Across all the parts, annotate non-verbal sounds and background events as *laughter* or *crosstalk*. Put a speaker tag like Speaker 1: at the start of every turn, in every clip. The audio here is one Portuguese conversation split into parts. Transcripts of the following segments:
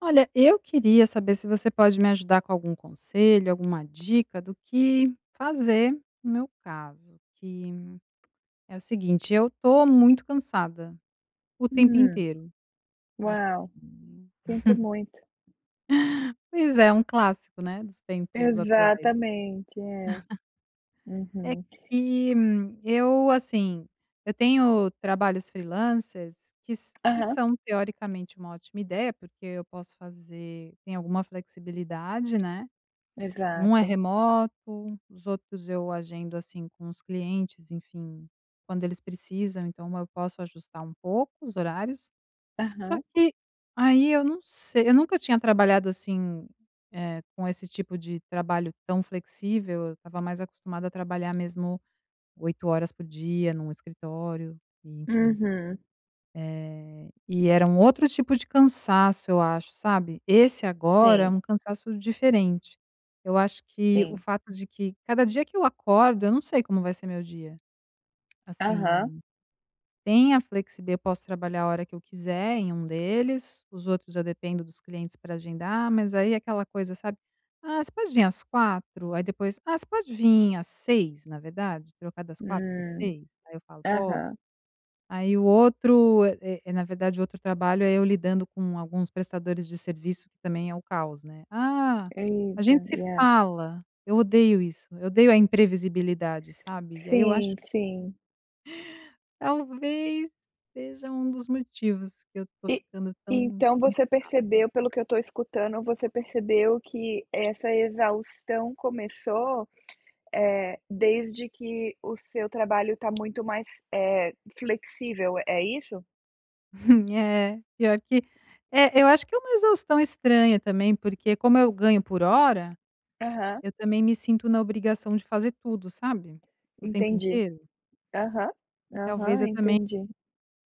Speaker 1: Olha, eu queria saber se você pode me ajudar com algum conselho, alguma dica do que fazer no meu caso, que é o seguinte, eu tô muito cansada o tempo
Speaker 2: Hum.
Speaker 1: inteiro,
Speaker 2: Uau.
Speaker 1: assim.
Speaker 2: Sinto
Speaker 1: *chuckles*
Speaker 2: muito.
Speaker 1: Pois é, um clássico, né, dos tempos atuais.
Speaker 2: Exatamente, é.
Speaker 1: *chuckles* É
Speaker 2: Uhum.
Speaker 1: que eu, assim, eu tenho trabalhos freelancers que s que
Speaker 2: Aham.
Speaker 1: são, teoricamente, uma ótima ideia, porque eu posso fazer tem alguma flexibilidade, né, e um é
Speaker 2: Exato.
Speaker 1: remoto, os outros eu agendo, assim, com os clientes, enfim, quando eles precisam, então eu posso ajustar um pouco os horários, só
Speaker 2: Aham.
Speaker 1: que aí eu não sei eu nunca tinha trabalhado assim, eh, com esse tipo de trabalho tão flexível, eu estava mais acostumada a trabalhar mesmo 8 horas por dia num escritório e, enfim,
Speaker 2: Uhum.
Speaker 1: eh, e era um outro tipo de cansaço, eu acho, sabe, esse agora é
Speaker 2: Sim.
Speaker 1: um cansaço diferente. Eu acho que o
Speaker 2: Sim.
Speaker 1: fato de que cada dia que eu acordo, eu não sei como vai ser meu dia,
Speaker 2: Aham.
Speaker 1: assim, tem a flexib eu posso trabalhar a hora que eu quiser em um deles, os outros eu dependo dos clientes pra agendar, mas aí é aquela coisa, sabe: "Ah, você pode vim às 4h?", aí depois: "Ah, você pode vim às 6h, na verdade. Trocar das 4h para as
Speaker 2: Hum.
Speaker 1: 6h?". Aí eu falo: "Posso".
Speaker 2: Aham.
Speaker 1: Aí o outro eh eh, na verdade o outro trabalho é eu lidando com alguns prestadores de serviço, que também é o caos, né: "Ah, a
Speaker 2: Eita,
Speaker 1: gente se
Speaker 2: e a
Speaker 1: fala", eu odeio isso, eu odeio a imprevisibilidade, sabe, e aí eu acho
Speaker 2: Sim, sim.
Speaker 1: Talvez seja um dos motivos que eu tô
Speaker 2: E
Speaker 1: ficando tão
Speaker 2: então você
Speaker 1: cansada.
Speaker 2: percebeu pelo que eu tô escutando, você percebeu que essa exaustão começou, eh, desde que o seu trabalho tá muito mais, eh, flexível, é isso?
Speaker 1: Hum, é pior que é, eu acho que é uma exaustão estranha também, porque, como eu ganho por hora,
Speaker 2: Aham.
Speaker 1: eu também me sinto na obrigação de fazer tudo, sabe, o tempo
Speaker 2: Entendi.
Speaker 1: inteiro.
Speaker 2: Aham.
Speaker 1: E talvez
Speaker 2: Aham,
Speaker 1: eu também
Speaker 2: entendi.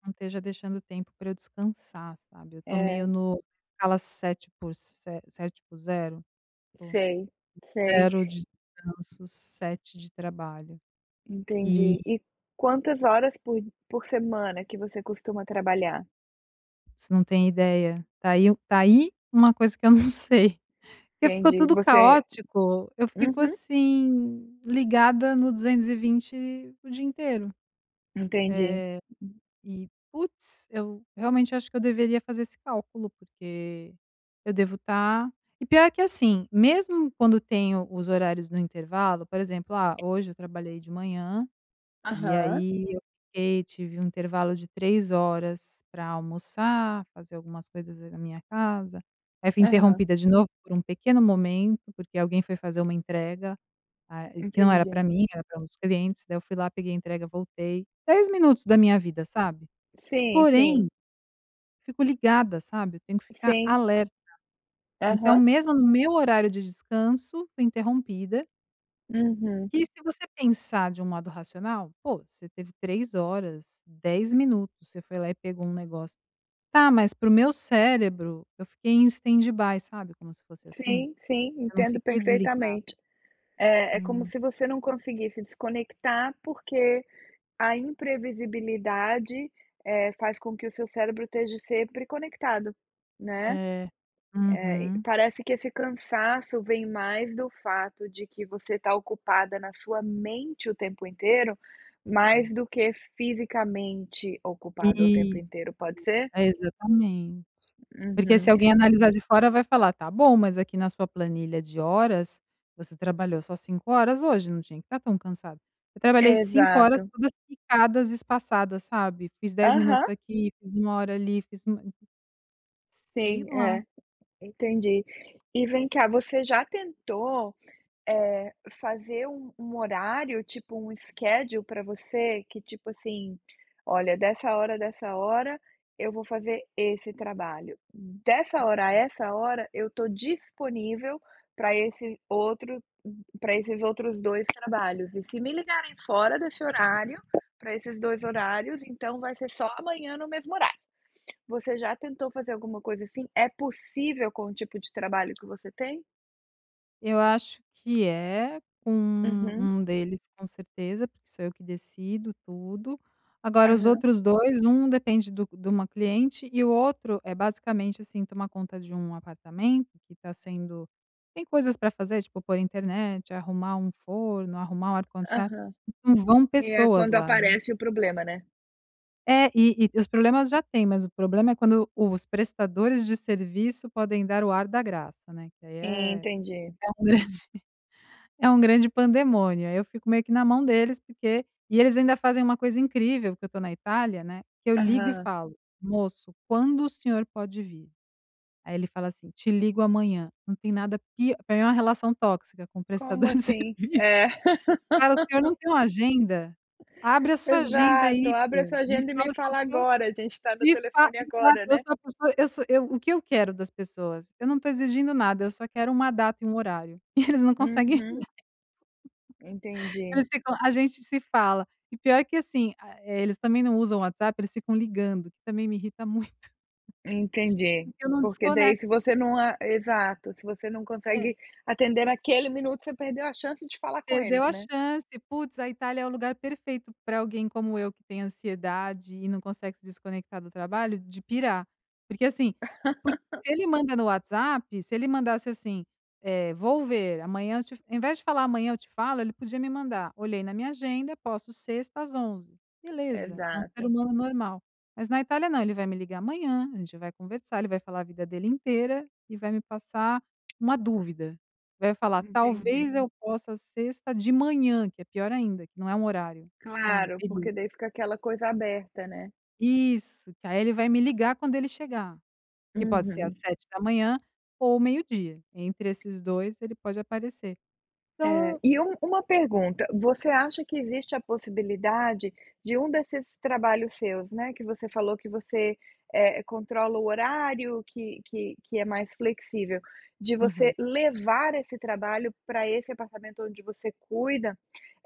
Speaker 1: não esteja deixando o tempo pra eu descansar, sabe, eu tô meio
Speaker 2: É.
Speaker 1: no escala sete por se sete por zero, por
Speaker 2: Sei, sei.
Speaker 1: zero de descanço, sete de trabalho, e
Speaker 2: Entendi, e quantas horas por por semana que você costuma trabalhar?
Speaker 1: Você não tem ideia, tá aí tá aí uma coisa que eu não sei que ficou
Speaker 2: Entendi,
Speaker 1: tudo
Speaker 2: você
Speaker 1: caótico, eu fico
Speaker 2: Uhum.
Speaker 1: assim, ligada no 220 o dia inteiro.
Speaker 2: Entendi,
Speaker 1: Eh,
Speaker 2: uhum.
Speaker 1: e putz, eu realmente acho que eu deveria fazer esse cálculo, porque eu devo estar e pior que assim, mesmo quando tenho os horários no intervalo, por exemplo, "Ah, hoje eu trabalhei de manhã e
Speaker 2: Aham.
Speaker 1: aí eu fiquei", tive um intervalo de 3 horas pra almoçar, fazer algumas coisas na minha casa, aí fui
Speaker 2: Aham.
Speaker 1: interrompida de novo por um pequeno momento, porque alguém foi fazer uma entrega, ah, e que não era pra
Speaker 2: Entendi.
Speaker 1: mim, era pra um dos clientes, daí eu fui lá, peguei a entrega, voltei, 10 minutos da minha vida, sabe,
Speaker 2: Sim, sim.
Speaker 1: porém fico ligada, sabe, eu tenho que ficar
Speaker 2: Sim.
Speaker 1: alerta. Então,
Speaker 2: Aham.
Speaker 1: mesmo no meu horário de descanso, fui interrompida
Speaker 2: Uhum.
Speaker 1: Que se você pensar de um modo racional, pô, você teve 3 horas, 10 minutos, você foi lá e pegou um negócio tá, mas para o meu cérebro, eu fiquei em standby, sabe, como se fosse assim.
Speaker 2: Sim, sim,
Speaker 1: Eu não
Speaker 2: entendo
Speaker 1: fiquei desligada.
Speaker 2: perfeitamente. Eh, é como
Speaker 1: Hum.
Speaker 2: se você não conseguisse desconectar, porque a imprevisibilidade, eh, faz com que o seu cérebro esteja sempre conectado, né,
Speaker 1: É,
Speaker 2: eh, e
Speaker 1: uhum.
Speaker 2: parece que esse cansaço vem mais do fato de que você está ocupada na sua mente o tempo inteiro, mais
Speaker 1: É.
Speaker 2: do que fisicamente ocupada o tempo
Speaker 1: Isso,
Speaker 2: inteiro, pode ser?
Speaker 1: é exatamente, porque se
Speaker 2: Uhum.
Speaker 1: alguém analisar de fora, vai falar: "Tá bom, mas aqui na sua planilha de horas você trabalhou só 5 horas hoje não tinha que estar tão cansada", eu trabalhei 5 horas,
Speaker 2: Exato.
Speaker 1: todas picadas e espaçadas, sabe, fiz 10 minutos
Speaker 2: Aham.
Speaker 1: aqui, fiz 1 hora ali, fiz 1 Sei
Speaker 2: Sim, é,
Speaker 1: lá.
Speaker 2: entendi. E vem cá, você já tentou, eh, fazer um um horário, tipo um schedule pra você, que tipo assim: "Olha, dessa hora dessa hora, eu vou fazer esse trabalho, dessa hora a
Speaker 1: *unintelligible*
Speaker 2: essa hora, eu estou disponível pra esse outro, hum pra esses outros 2 trabalhos, e, se me ligarem fora desse horário, pra esses 2 horários, então vai ser só amanhã no mesmo horário". Você já tentou fazer alguma coisa assim? É possível com o tipo de trabalho que você tem?
Speaker 1: Eu acho que é, com
Speaker 2: Uhum.
Speaker 1: um deles com certeza, porque sou eu que decido tudo, agora os
Speaker 2: Aham.
Speaker 1: outros 2, um depende do de uma cliente e o outro é basicamente, assim, tomar conta de um apartamento que está sendo tem coisas pra fazer, tipo, pôr internet, arrumar um forno, arrumar um ar-condicionado,
Speaker 2: Aham.
Speaker 1: e não vão
Speaker 2: E é
Speaker 1: pessoas
Speaker 2: quando
Speaker 1: lá, né.
Speaker 2: aparece o problema, né.
Speaker 1: É, e e os problemas já têm, mas o problema é quando os prestadores de serviço podem dar o ar da graça, né, que aí é
Speaker 2: Entendi.
Speaker 1: é um grande é um grande pandemônio, aí eu fico meio que na mão deles, porque e eles ainda fazem uma coisa incrível, que eu tô na Itália, né, que eu ligo e
Speaker 2: Aham.
Speaker 1: falo: "Moço, quando o senhor pode vir?", aí ele fala assim: "Te ligo amanhã". Não tem nada pi pra mim é uma relação tóxica com o
Speaker 2: Como
Speaker 1: prestador de
Speaker 2: assim?
Speaker 1: serviço.
Speaker 2: É.
Speaker 1: "Cara, o senhor
Speaker 2: *laughs*
Speaker 1: não tem uma agenda? Abre a sua agenda
Speaker 2: Exato,
Speaker 1: aí,
Speaker 2: "abre a
Speaker 1: pô,
Speaker 2: sua
Speaker 1: me
Speaker 2: agenda e me
Speaker 1: fala
Speaker 2: fala
Speaker 1: qualquer
Speaker 2: agora, a gente está no
Speaker 1: me fa"
Speaker 2: telefone
Speaker 1: exato,
Speaker 2: agora,
Speaker 1: eu
Speaker 2: né".
Speaker 1: sou a pessoa eu sou eu o que eu quero das pessoas? Eu não estou exigindo nada, eu só quero uma data e um horário, e eles não conseguem
Speaker 2: Uhum. Entendi.
Speaker 1: Eles ficam: "A gente se fala", e pior que assim, a eh, eles também não usam o WhatsApp, eles ficam ligando, que também me irrita muito,
Speaker 2: Entendi.
Speaker 1: porque eu não
Speaker 2: Porque daí
Speaker 1: desconec
Speaker 2: se você não a exato, se você não
Speaker 1: É.
Speaker 2: consegue atender naquele minuto, você perdeu a chance de falar com
Speaker 1: Perdeu
Speaker 2: eles,
Speaker 1: a
Speaker 2: né.
Speaker 1: chance. Putz, a Itália é o lugar perfeito pra alguém como eu, que tem ansiedade e não consegue se desconectar do trabalho, de pirar. Porque assim, por se ele
Speaker 2: *laughs*
Speaker 1: manda no WhatsApp, se ele mandasse assim: "Eh, vou ver, amanhã eu te" ao invés de falar "amanhã eu te falo", ele podia me mandar: "Olhei na minha agenda, posso sexta às 11h". Beleza, é um ser
Speaker 2: Exato.
Speaker 1: humano normal, mas na Itália não, ele vai me ligar amanhã, a gente vai conversar, ele vai falar a vida dele inteira e vai me passar uma dúvida, vai falar:
Speaker 2: Entendi.
Speaker 1: "Talvez eu possa sexta de manhã", que é pior ainda, que não é um horário, é tipo um
Speaker 2: Claro,
Speaker 1: período.
Speaker 2: porque daí fica aquela coisa aberta, né.
Speaker 1: Isso, que aí, ele vai me ligar quando ele chegar, que pode ser às
Speaker 2: Uhum.
Speaker 1: 7 ou meio dia. Entre esses 2, ele pode aparecer. Então
Speaker 2: É,
Speaker 1: a
Speaker 2: e um uma
Speaker 1: chance
Speaker 2: pergunta, você acha que existe a possibilidade de um desses trabalhos seus, né, que você falou que você, eh, controla o horário que que que é mais flexível, de você
Speaker 1: Uhum.
Speaker 2: levar esse trabalho para esse apartamento onde você cuida,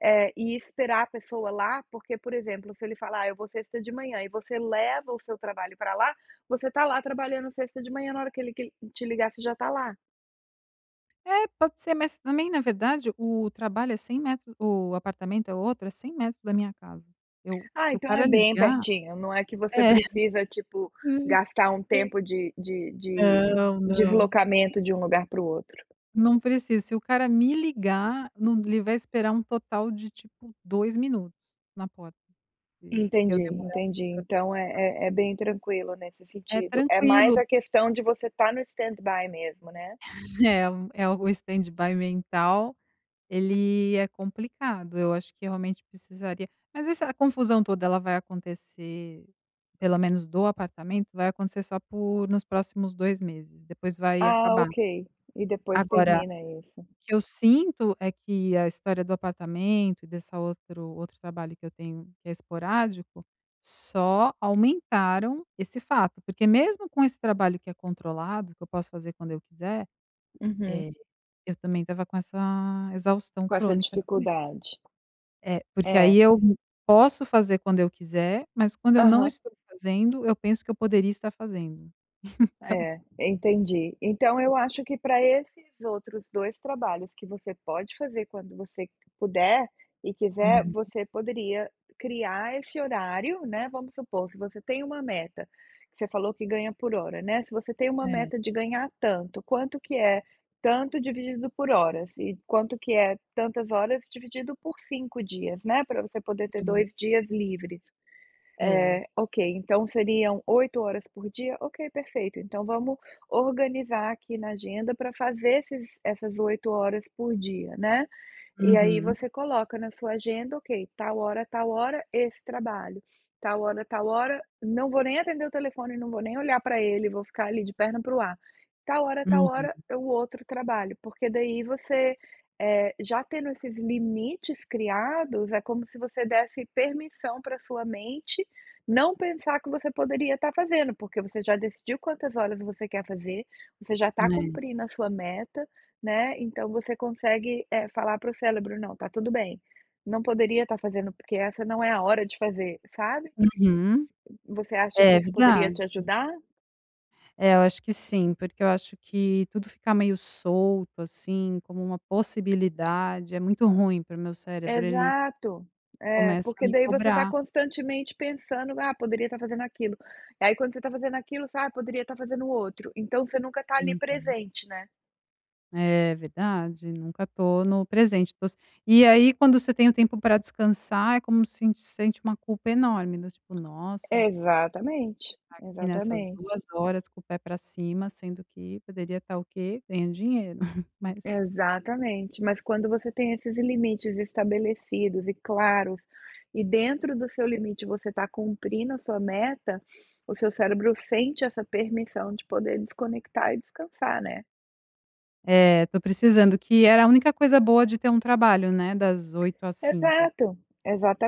Speaker 2: eh, e esperar a pessoa lá, porque, por exemplo, se ele falar: "Eu vou sexta de manhã", e você leva o seu trabalho para lá, você está lá trabalhando sexta de manhã, na hora que ele que ele te ligasse, já está lá?
Speaker 1: É, pode ser, mas também na verdade, o trabalho é 100, metros o apartamento é outro, é 100 metros da minha casa. Eu
Speaker 2: Ah,
Speaker 1: se o
Speaker 2: então é
Speaker 1: cara
Speaker 2: bem
Speaker 1: ligar
Speaker 2: pertinho, não é que você
Speaker 1: É,
Speaker 2: precisa tipo,
Speaker 1: hum,
Speaker 2: gastar um
Speaker 1: eu
Speaker 2: tempo de de de
Speaker 1: Não, não, eu
Speaker 2: deslocamento de um lugar para o outro.
Speaker 1: Não precisa, se o cara me ligar, não, ele vai esperar um total de tipo 2 minutos na porta e se
Speaker 2: Entendi,
Speaker 1: eu demorar
Speaker 2: entendi,
Speaker 1: para sair,
Speaker 2: então
Speaker 1: tal.
Speaker 2: é é é bem tranquilo, nesse
Speaker 1: É
Speaker 2: sentido, é mais
Speaker 1: tranquilo.
Speaker 2: a questão de você estar no stand-by mesmo, né.
Speaker 1: É é o standby mental, ele é complicado, eu acho que, realmente, precisaria mas essa confusão toda ela vai acontecer, pelo menos do apartamento, vai acontecer só por nos próximos 2 meses, depois vai
Speaker 2: Ah,
Speaker 1: acabar.
Speaker 2: ok, e depois
Speaker 1: Agora,
Speaker 2: termina isso.
Speaker 1: o que eu sinto é que a história do apartamento e dessa outro outro trabalho que eu tenho, que é esporádico, só aumentaram esse fato, porque, mesmo com esse trabalho que é controlado, que eu posso fazer quando eu quiser,
Speaker 2: Uhum.
Speaker 1: eh, eu também estava com essa exaustão
Speaker 2: Com essa
Speaker 1: crônica também.
Speaker 2: dificuldade.
Speaker 1: É, porque,
Speaker 2: É.
Speaker 1: aí, eu posso fazer quando eu quiser, mas quando eu não
Speaker 2: Aham.
Speaker 1: estou fazendo, eu penso que eu poderia estar fazendo,e *chuckles* então.
Speaker 2: É, entendi. Então eu acho que pra esses outros 2 trabalhos que você pode fazer quando você puder e quiser,
Speaker 1: Uhum.
Speaker 2: você poderia criar esse horário, né, vamos supor, se você tem uma meta, que você falou que ganha por hora, né, se você tem uma
Speaker 1: É.
Speaker 2: meta de ganhar tanto, quanto que é tanto dividido por horas? E quanto que é tantas horas dividido por 5 dias, né? Pra você poder ter
Speaker 1: *unintelligible*
Speaker 2: 2 dias livres,
Speaker 1: É.
Speaker 2: eh, ok, então seriam 8 horas por dia, ok, perfeito. Então vamos organizar aqui na agenda para fazer esses essas 8 horas por dia, né, e, aí,
Speaker 1: Uhum.
Speaker 2: você coloca na sua agenda: "Ok, tal hora a tal hora, esse trabalho. Tal hora a tal hora, não vou nem atender o telefone, não vou nem olhar para ele, vou ficar ali de perna para o ar. Tal hora a tal
Speaker 1: Uhum.
Speaker 2: hora, é o outro trabalho", porque, daí, você, eh, já tendo esses limites criados, é como se você desse permissão para a sua mente não pensar que você poderia estar fazendo, porque você já decidiu quantas horas você quer fazer, você já está
Speaker 1: É.
Speaker 2: cumprindo a sua meta, né, então você consegue, eh, falar para o cérebro: "Não, tá tudo bem, não poderia estar fazendo, porque essa não é a hora de fazer", sabe,
Speaker 1: Uhum.
Speaker 2: Você acha que
Speaker 1: É
Speaker 2: isso poderia te
Speaker 1: verdade.
Speaker 2: ajudar?
Speaker 1: É, eu acho que sim, porque eu acho que tudo ficar meio solto, assim, como uma possibilidade, é muito ruim para o meu cérebro, ele
Speaker 2: Exato, é,
Speaker 1: começa a
Speaker 2: porque,
Speaker 1: me
Speaker 2: daí, você está
Speaker 1: cobrar.
Speaker 2: constantemente pensando: "Ah, poderia estar fazendo aquilo", e, aí, quando você tá fazendo aquilo, sabe, poderia estar fazendo o outro. Então você nunca está ali,
Speaker 1: Uhum.
Speaker 2: presente, né.
Speaker 1: É verdade, nunca tô no presente, tô s e aí, quando você tem o tempo pra descansar, é como sint sente uma culpa enorme, né, do tipo "Nossa" você
Speaker 2: Exatamente,
Speaker 1: tá aqui nessas
Speaker 2: exatamente.
Speaker 1: 2 horas com o pé pra cima, sendo que poderia estar o quê? Ganhando dinheiro, *chuckles* mas
Speaker 2: Exatamente, mas quando você tem esses limites estabelecidos e claros, e dentro do seu limite você tá cumprindo a sua meta, *sniffs* o seu cérebro sente essa permissão de poder desconectar e descansar, né?
Speaker 1: É, tô precisando, que era a única coisa boa de ter um trabalho, né, das 8:00 às 17:00.
Speaker 2: Exato,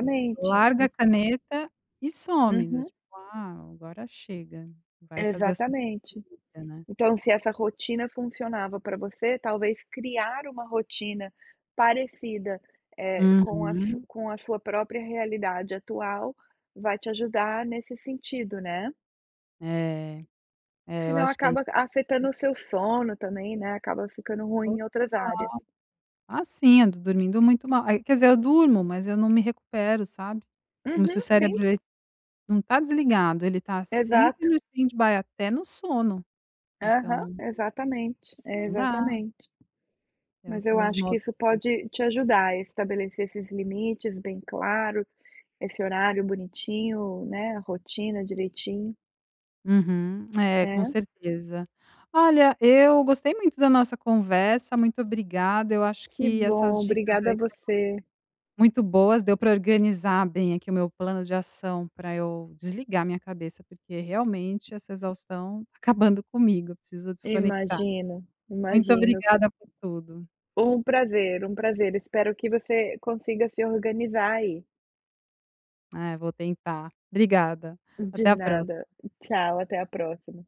Speaker 1: Você
Speaker 2: En
Speaker 1: larga a caneta e some, do
Speaker 2: Uhum.
Speaker 1: tipo: "Ah, agora chega, vai fazer as suas",
Speaker 2: Exatamente.
Speaker 1: *unintelligible* né.
Speaker 2: Então, se essa rotina funcionava pra você, talvez criar uma rotina parecida, eh, com a su
Speaker 1: Uhum.
Speaker 2: com a sua própria realidade atual, vai te ajudar nesse sentido, né?
Speaker 1: É, é,
Speaker 2: Se
Speaker 1: eu
Speaker 2: não
Speaker 1: acho que é isso
Speaker 2: acaba afetando
Speaker 1: *unintelligible*
Speaker 2: o seu sono também, né, acaba ficando ruim
Speaker 1: Total.
Speaker 2: em outras áreas.
Speaker 1: Ah, sim, eu tô dormindo muito mal. Ai quer dizer, eu durmo, mas eu não me recupero, como se o
Speaker 2: Uhum, sim.
Speaker 1: cérebro, ele não tá desligado, ele tá sempre
Speaker 2: Exato.
Speaker 1: no standby até no sono,
Speaker 2: Aham,
Speaker 1: então.
Speaker 2: exatamente,
Speaker 1: Não dá.
Speaker 2: exatamente.
Speaker 1: É
Speaker 2: Mas
Speaker 1: os
Speaker 2: eu
Speaker 1: são os
Speaker 2: acho que
Speaker 1: modos
Speaker 2: isso
Speaker 1: *unintelligible*
Speaker 2: pode te ajudar a estabelecer esses limites bem claros, esse horário bonitinho, né, a rotina direitinho.
Speaker 1: Uhum, *clicks tongue* é, com
Speaker 2: Né?
Speaker 1: certeza. Olha, eu gostei muito da nossa conversa, muito obrigada. Eu acho
Speaker 2: Que
Speaker 1: que essas
Speaker 2: bom,
Speaker 1: dicas
Speaker 2: obrigada a
Speaker 1: aí foram
Speaker 2: você.
Speaker 1: muito boas, deu para organizar bem aqui o meu plano de ação, pra eu desligar a minha cabeça, porque realmente essa exaustão tá acabando comigo, eu preciso desconectar.
Speaker 2: Imagino,
Speaker 1: Muito
Speaker 2: imagino.
Speaker 1: obrigada por tudo.
Speaker 2: Um prazer, um prazer. Espero que você consiga se organizar aí.
Speaker 1: É, vou tentar. Obrigada,
Speaker 2: De
Speaker 1: até a
Speaker 2: nada,
Speaker 1: próxima.
Speaker 2: tchau, até a próxima.